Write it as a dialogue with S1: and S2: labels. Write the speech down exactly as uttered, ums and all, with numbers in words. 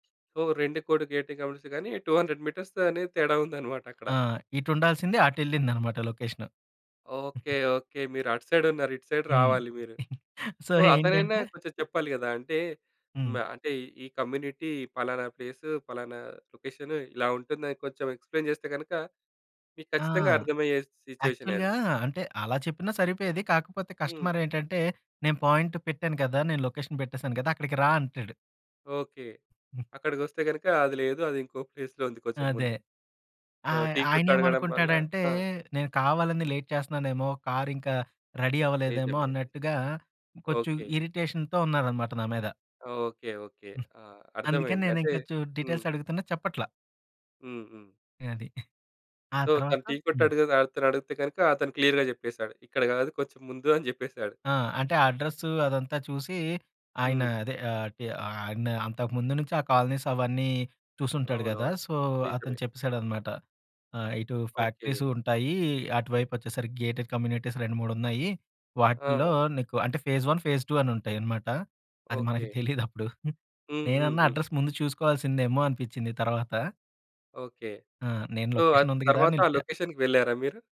S1: ఓహ్! రెండు కూడా గేటెడ్ కమ్యూనిటీసే గానీ, టూ హండ్రెడ్ మీటర్స్ అనేది తేడా ఉందనమాట అక్కడ.
S2: ఆ! ఇటుండాల్సింది అటెళ్ళిందనమాట లొకేషను.
S1: ఓకే. ఓకే. మీరటు సైడున్నారు. ఇటు సైడ్
S2: హ్మ్.
S1: రావాలి మీరు.
S2: సో,
S1: సో, అతనైనా
S2: ఏంటంటే
S1: కొంచెం చెప్పాలి గదా! అంటే, హ్మ్,
S2: హ్మ్.
S1: ఆహ్, అంటే, ఈ కమ్యూనిటీ, పలానా ప్లేసు, పలానా లొకేషను, ఇలా ఉంటుందని కొంచెం ఎక్స్‌ప్లైన్ చేస్తే గనకా, మీకు
S2: ఆ!
S1: ఖచ్చితంగా అర్థమయ్యే సిట్యుయేషనే
S2: యాక్చువల్‌గా
S1: అది.
S2: అంటే, అలా చెప్పినా సరిపోయేది. కాకపోతే
S1: హ్మ్.
S2: కస్టమరేంటంటే, నేను పాయింటు పెట్టాను గదా! నేను లొకేషన్ పెట్టేసాను గదా! అక్కడికి రా అంటాడు.
S1: ఓకే.
S2: హ్మ్.
S1: అక్కడికొస్తే గనకా అది లేదు, అది ఇంకో ఫేజ్‌లో ఉంది, కొంచెం
S2: అదే.
S1: ముందు. సో,
S2: ఆయ్
S1: టీ కొట్టడగడం వల్లా
S2: ఆయనేమనుకుంటాడంటే,
S1: ఆ!
S2: నేను కావాలని లేట్ చేస్తున్నానేమో, కారింకా రెడీ అవ్వలేదేమో
S1: నిజమే ఇది.
S2: అన్నట్టుగా, కొంచుం
S1: ఓకే.
S2: ఇరిటేషన్‌తో ఉన్నారనమాట నా మీద.
S1: ఓకే. ఓకే. ఆ!
S2: అందుకని
S1: అర్థమైంది. అంటే
S2: నేనింకా చు
S1: హ్మ్.
S2: డీటెయిల్సడుగుతున్నా చెప్పట్లా.
S1: హ్మ్ హ్మ్.
S2: అది. ఆ
S1: సో, తను
S2: తర్వాత
S1: టీ
S2: హ్మ్.
S1: కొట్టాడడిగి ఆతన్నడిగితే గనక అతను క్లియర్‌గా జెప్పేసాడు. ఇక్కడ గాదు కొంచం ముందు అని జెప్పేశాడు.
S2: ఆ! అంటే, అడ్రస్సూ అదంతా చూసీ, ఆయనా
S1: హ్మ్.
S2: అదే ఆహ్, టె ఆయనా అంతకు ముందు నుంచే ఆ కాలనీసవన్నీ చూసుంటాడు గదా!
S1: అవునవును.
S2: సో, అతను
S1: నిజమే.
S2: చెప్పేశాడనమాట. ఆహ్, ఇటూ
S1: ఓకే.
S2: ఫ్యాక్టరీసూ ఉంటాయీ. అటువైపొచ్చేసరికి గేటెడ్ కమ్యూనిటీస్ రెండు మూడు ఉన్నాయి. వాటిల్లో
S1: ఆ!
S2: నీకు అంటే, ఫేస్ వన్, ఫేస్ టూ అనుంటాయనమాట. అది మనకి
S1: ఓకే.
S2: తెలీదప్పుడు.
S1: హ్మ్. హ్మ్.
S2: నేనన్నా
S1: హ్మ్.
S2: అడ్రస్ ముందు చూసుకోవాల్సిందేమో అనిపిచ్చింది తర్వాత.
S1: ఓకే.
S2: ఆ! నేను
S1: సో, ఆ
S2: లొకేషనుంది గదా
S1: తర్వాత ఆ
S2: అనెళ్ళిపోయా.
S1: లొకేషన్‌కి వెళ్ళారా మీరు?